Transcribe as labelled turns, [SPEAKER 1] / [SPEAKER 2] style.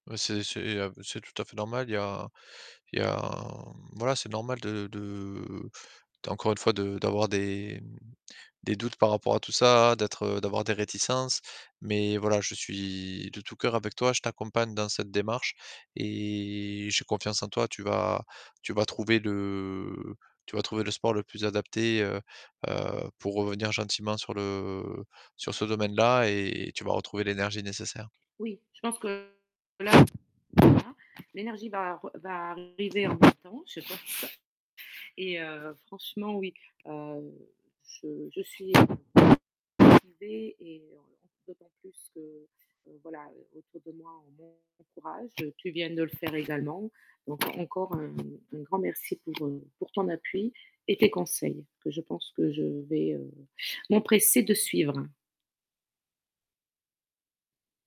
[SPEAKER 1] Mais c'est c'est ah, c'est tout à fait normal, il y a il y a voilà, c'est normal de de de encore une fois de d'avoir des des doutes par rapport à tout ça, d'être d'avoir des réticences mais voilà, je suis de tout coeur avec toi, je t'accompagne dans cette démarche et j'ai confiance en toi. Tu vas tu vas trouver le tu vas trouver le sport le plus adapté, heu heu, pour revenir gentiment sur le sur ce domaine-là et tu vas retrouver l'énergie nécessaire.
[SPEAKER 2] Oui, je pense que la [unintelligible] l'énergie va re va arriver en même temps, je pense que et heu, franchement oui, heu, je je suis motivée et heu, d'autant plus que voilà autour de moi on m'en m'encourage, tu viens de le faire également. Donc encore un un grand merci pour, heu, pour ton appui et tes conseils que je pense que je vais, heu, m'empresser de suivre.